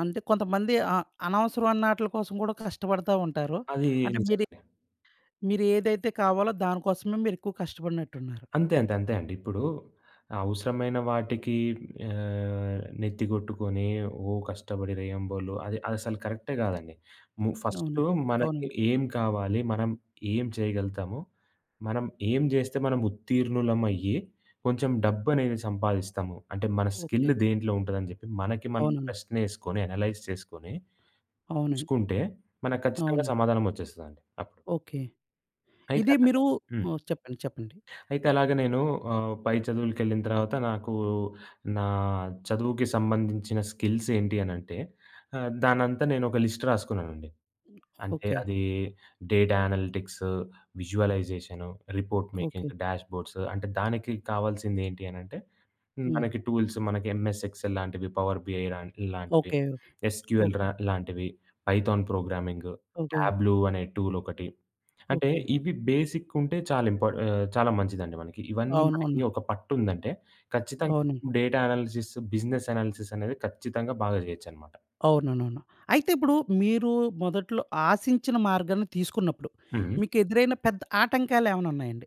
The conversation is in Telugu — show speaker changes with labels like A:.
A: అంటే కొంతమంది అ అనవసరమైన ఆటిలి కోసం కూడా కష్టపడతా ఉంటారు.
B: అది
A: అంటే, మీరు
B: నిజంగానే.
A: మీరు ఏదైతే కావాలో దానికోసమే మీరెక్కువ కష్టపడినట్టున్నారు.
B: అంతే. అంతే. అంతే అండి. ఇప్పుడు అవసరమైన వాటికి ఆహ్, నెత్తి కొట్టుకొని, ఓ కష్టపడి రెయ్యం బోలు అది అసలు కరెక్టే కాదండి. ము ఫస్టు
A: అవునండి.
B: మనకి
A: అవునండి.
B: ఏం కావాలి, మనం ఏం చేయగలుగుతాము, మనం ఏం జేస్తే మనం ఉత్తీర్ణులమయ్యి కొంచెం డబ్బనేది సంపాదిస్తాము. అంటే మన స్కిల్
A: ఓకే.
B: దేంట్లో ఉంటుందని చెప్పి మనకి మనం
A: అవునవును.
B: ప్రశ్న ఏసుకొని అనలైజ్ చేసుకొని,
A: అవునండి.
B: చూసుకుంటే మనకు ఖచ్చితంగా
A: అవును.
B: సమాధానం వచ్చేస్తదండి అప్పుడు.
A: ఓకే.
B: అయితే
A: ఇది
B: అలాగ
A: మీరు
B: హ్మ్.
A: ఓహ్! చెప్పండి. చెప్పండి.
B: అయితే అలాగ నేను ఆహ్, పై చదువులకెళ్ళిన తర్వాత నాకు నా చదువుకి సంబంధించిన స్కిల్స్ ఏంటి అని అంటే? ఆహ్, దాన్నంతా నేను ఒక లిస్ట్ రాసుకున్నానండి. అంటే
A: ఓకే.
B: అది data analytics, visualisation, report making,
A: okay.
B: Dashboards అంటే దానికి కావాల్సింది ఏంటి అనంటే,
A: హ్మ్.
B: మనకి టూల్స్ మనకి ఎంఎస్ ఎక్స్‌ఎల్ లాంటివి, పవర్ బీఐ లాం ఇలాంటివి,
A: ఓకే.
B: SQL
A: okay.
B: రా లాంటివి, పైథాన్ ప్రోగ్రామింగ్,
A: ఓకే.
B: టాబ్లూ అనే టూలొకటి. అంటే,
A: ఓకే.
B: ఇవి బేసిక్ ఉంటే చాలా ఇంపా ఆహ్, చాలా మంచిదండి మనకి. ఇవన్నీ మనకి
A: అవునవును.
B: ఒక పట్టుందంటే ఖచ్చితంగా
A: అవును.
B: డేటా అనాలిసిస్, బిజినెస్ అనాలిసిస్ అనేది ఖచ్చితంగా బాగా చేయొచ్చన్నమాట.
A: అవునవును. అయితే ఇప్పుడు మీరు మొదట్లో ఆశించిన మార్గాన్ని తీసుకున్నప్పుడు
B: హ్మ్.
A: మీకెదురైన పెద్ద ఆటంకాలేమైనా ఉన్నాయండి?